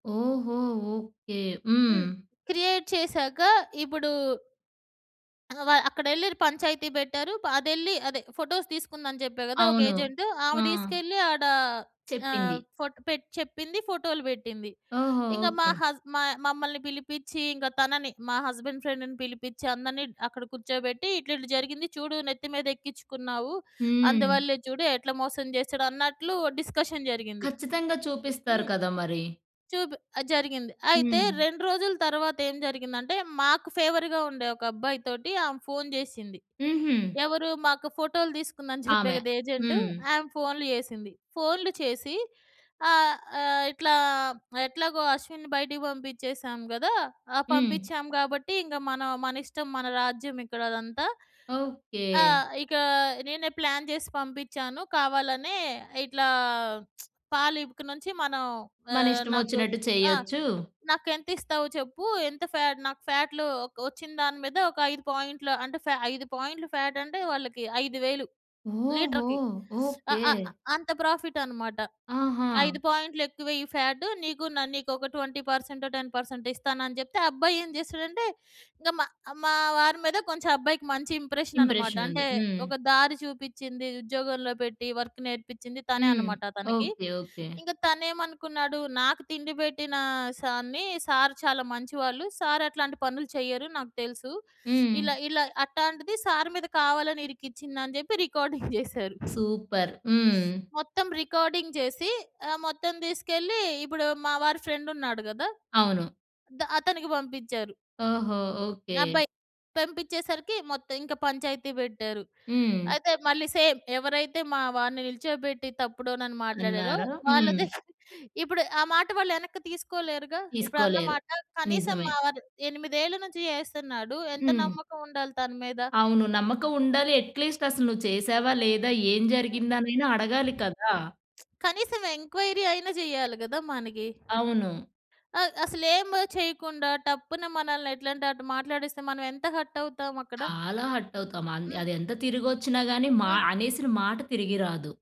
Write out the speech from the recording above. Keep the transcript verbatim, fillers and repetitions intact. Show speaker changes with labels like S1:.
S1: ఓహో! ఓకే. హ్మ్.
S2: హ్మ్. క్రియేట్ చేశాక ఇ‌పుడూ ఆహ్, వ అక్కడెళ్ళి ఇర్ పంచాయతీ బెట్టారు. అదెళ్ళి అదే ఫోటోస్ తీసుకుందని జెప్పా గదా! ఒక
S1: అవును.
S2: ఏజెంటు,
S1: ఆ!
S2: ఆ‌మే దీసుకెళ్ళి ఆడ ఆహ్,
S1: చెప్పింది.
S2: ఫోట్ పెట్ చెప్పింది ఫోటోలు బెట్టింది.
S1: ఓహో!
S2: ఇంగ మా
S1: ఓకే.
S2: హస్ మాయ్ మమ్మల్ని పిలిపిచ్చి ఇంగ తనని, మా హస్బండ్ ఫ్రెండ్‌ని పిలిపిచ్చి అందరినీ డ్ అక్కడ కూర్చోబెట్టి "ఇట్ల ఇట్ల జరిగింది చూడు నెత్తి మీదెక్కిచ్చుకున్నావు.
S1: హ్మ్.
S2: అందువల్లే చూడు ఎట్ల మోసం జేసాడో" అన్నట్లు డిస్కషన్ జరిగింది.
S1: కచ్చితంగా చూపిస్తారు
S2: హ్మ్.
S1: కదా! మరి.
S2: చూబ్ ఆ! జరిగింది. అయితే
S1: హ్మ్.
S2: రెండు రోజుల తరువాతేం జరిగిందంటే మాకు ఫేవర్‌గా ఉండే ఒక అబ్బాయి తోటి ఆమే ఫోను జెసింది.
S1: హుహు.
S2: ఎవరూ మాకు ఫోటోలు దీసుకుందని జెప్పా
S1: ఆమె,
S2: గదా! ఏజెంటు
S1: హ్మ్.
S2: ఆ‌మే ఫోన్‌లు జెసింది. ఫోన్‌లు చేసి ఆహ్, ఆహ్, "ఇట్లా ఎట్లాగో అశ్విన్‌ని బయటికి బంపిచ్చేసాం గదా! ఆ!
S1: హ్మ్.
S2: పంపిచ్చాం గాబట్టి ఇంగ మనొ మన ఇష్టం మన రాజ్యం ఇక్కడ అదంతా. ఆ!
S1: ఓకే.
S2: ఇక నేనే ప్లాన్ జేసి పంపిచ్చాను కావాలనే. ఇట్లా పాలు ఇక నుంచి మనం
S1: మన
S2: ఆహ్, నాకు
S1: ఇష్టమొచ్చినట్టు
S2: ఆ!
S1: చేయొచ్చు
S2: నాకెంతిస్తావు చెప్పు? ఎంత ఫాటు నాకు ఫాటులు ఒక్ ఒచ్చిన దాని మీద ఒక ఐదు పాయింట్‌లు" అంటే ఫా ఐదు పాయింట్‌లు ఫాటంటే వాళ్ళకి ఐదు వేలు
S1: ఓహో!
S2: లీటర్‌కి. స్ ఆ
S1: ఓకే.
S2: ఆ అంత ప్రాఫిటనమాట. "ఐదు
S1: ఆహా!
S2: పాయింట్‌లు ఎక్కువె‌య్యి ఫ్యాటు. నీకు న నీకొక ట్వెంటీ పర్సెంటొ, టెన్ పర్సెంటొ" ఇస్తానని జెప్తే ఆ అబ్బాయేం జేసాడంటే, ఇంగ మా, మా వారి మీద కొంచెం అబ్బాయికి మంచి ఇంప్రెషన్ననమాట.
S1: ఇంప్రెషనుంది.
S2: అంటే
S1: హ్మ్.
S2: ఒక దారి చూపిచ్చింది, ఉద్యోగంలో పెట్టి వర్క్ నేర్పిచ్చింది తనే
S1: హ్మ్.
S2: అనమాట తనకి.
S1: ఓకే. ఓకే.
S2: ఇంగ తనెమనుకున్నాడు, "నాకు తిండి బెట్టిన సార్‌ని, సార్ చాలా మంచివాళ్ళు. సార్ అట్లాంటి పనులు చెయ్యరు. నాకు తెలుసు.
S1: హ్మ్.
S2: ఇలా ఇలా అట్టాంటిది సార్ మీద కావాలని ఇరికిచ్చింది" అని జెప్పి రికార్డింగ్ జేసారు.
S1: సూపర్. హ్మ్.
S2: మొత్తం రికార్డింగ్ చేసి ఆహ్, మొత్తం దీసుకెళ్ళి ఇప్పుడు మావారి ఫ్రెండున్నాడు గదా!
S1: అవును.
S2: ద అతనికి బంపిచ్చారు.
S1: ఓహో! ఓకే.
S2: అబ్బాయి, పంపిచ్చేసరికి మొత్తం ఇంక పంచాయతీ బెట్టారు.
S1: హ్మ్.
S2: అయితే మళ్ళీ సేమ్, ఎవరైతే మా వారిని నిల్చోబెట్టి తప్పుడోనను మాట్లాడారో,
S1: అన్నారా? హ్మ్.
S2: వాళ్ళది ఇప్పుడు ఆ మాట వాళ్ళెనక్కి తీసుకోలేరుగా. ఇప్పుడు
S1: తీసుకోలేరు,
S2: అన్నమాట. కనీసం
S1: నిజమే.
S2: మా వారు ఎనిమిదేళ్ళు నుంచి జేస్తున్నాడు. ఎంత
S1: హ్మ్.
S2: నమ్మకముండాలి తనమీద.
S1: అవును. నమ్మకముండాలి. అట్‌లీస్ట్ అసలు నువ్వు
S2: హ్మ్.
S1: చేసావా లేదా? ఏం
S2: హ్మ్.
S1: జరిగిందనైనా అడగాలి కదా!
S2: కనీసం ఎంక్వైరీ అయినా జెయ్యాలి గదా! మనగి.
S1: అవును.
S2: అ అసలేము చెయ్యకుండా టప్పున మనల్ని ఎట్లంటే అటు మాట్లాడిస్తే మనమెంత హర్టవుతాము అక్కడ.
S1: చాలా హర్టవుతాం. అంద్
S2: హ్మ్.
S1: అది ఎంత తిరిగొచ్చిన గాని మా
S2: ఆ!
S1: అనేసిన మాట తిరిగి రాదు.